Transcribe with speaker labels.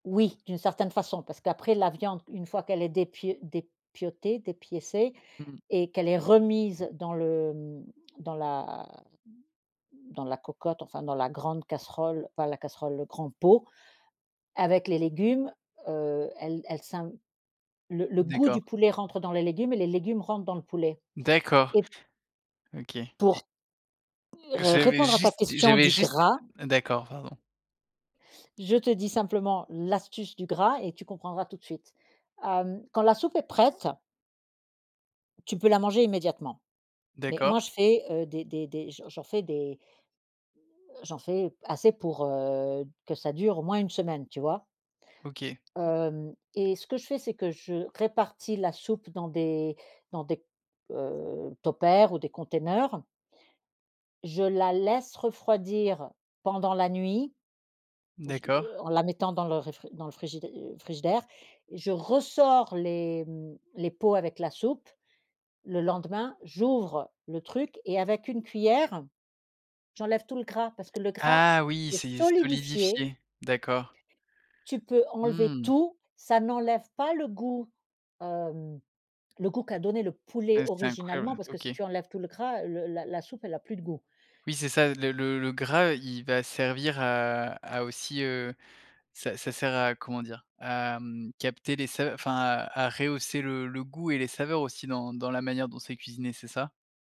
Speaker 1: Oui, d'une certaine façon, parce qu'après la viande, une fois qu'elle est dépio dépiotée, dépiécée
Speaker 2: Mmh mh.
Speaker 1: et qu'elle est remise dans le, mmh, dans la dans la cocotte, enfin, dans la grande casserole enfin la casserole, le grand pot, avec les légumes, heu, elle elle s'imp le le goût du
Speaker 2: D'accord.
Speaker 1: poulet rentre dans les légumes et les légumes rentrent dans le poulet
Speaker 2: D'accord.
Speaker 1: et p
Speaker 2: OK et
Speaker 1: pour r
Speaker 2: J'avais
Speaker 1: répondre à ta
Speaker 2: juste
Speaker 1: question
Speaker 2: j'avais
Speaker 1: du
Speaker 2: juste
Speaker 1: gras
Speaker 2: d'accord, pardon.
Speaker 1: je te dis simplement l'astuce du gras et tu comprendras tout de suite. Hem, quand la soupe est prête tu peux la manger immédiatement. Mais moi,
Speaker 2: D'accord.
Speaker 1: je fais, heu, des des des j'en j'en fais des heu, j'en fais assez pour, heu, que ça dure au moins 1 semaine, tu vois?
Speaker 2: OK.
Speaker 1: hem, et ce que je fais, c'est que je répartis la soupe dans des dans des, heu, tupper ou des conteneurs je la laisse refroidir pendant la nuit, ou je l
Speaker 2: D'accord.
Speaker 1: en la mettant dans le réfri dans le frigidai frigidaire et je ressors les, mmh, les pots avec la soupe, le lendemain. J'ouvre le truc et avec une cuillère, j'enlève tout le gras parce que le gras
Speaker 2: Ah oui!
Speaker 1: est
Speaker 2: C'est
Speaker 1: solidifié
Speaker 2: solidifié, d'accord.
Speaker 1: tu peux enlever
Speaker 2: Mmh.
Speaker 1: tout, ça n'enlève pas le goût. Hem, le goût qu'a donné le poulet
Speaker 2: Heu, c'est
Speaker 1: originalement
Speaker 2: incroyable,
Speaker 1: parce que si
Speaker 2: OK.
Speaker 1: tu enlèves tout le gras, le la la soupe elle a plus de goût.
Speaker 2: Oui, c'est ça. Le le le gras, il va servir à à aussi, heu ça ça sert à comment dire? À, mmh, capter les sa enfin à à rehausser le le goût et les saveurs aussi dans dans la manière dont c'est cuisiné, c'est ça?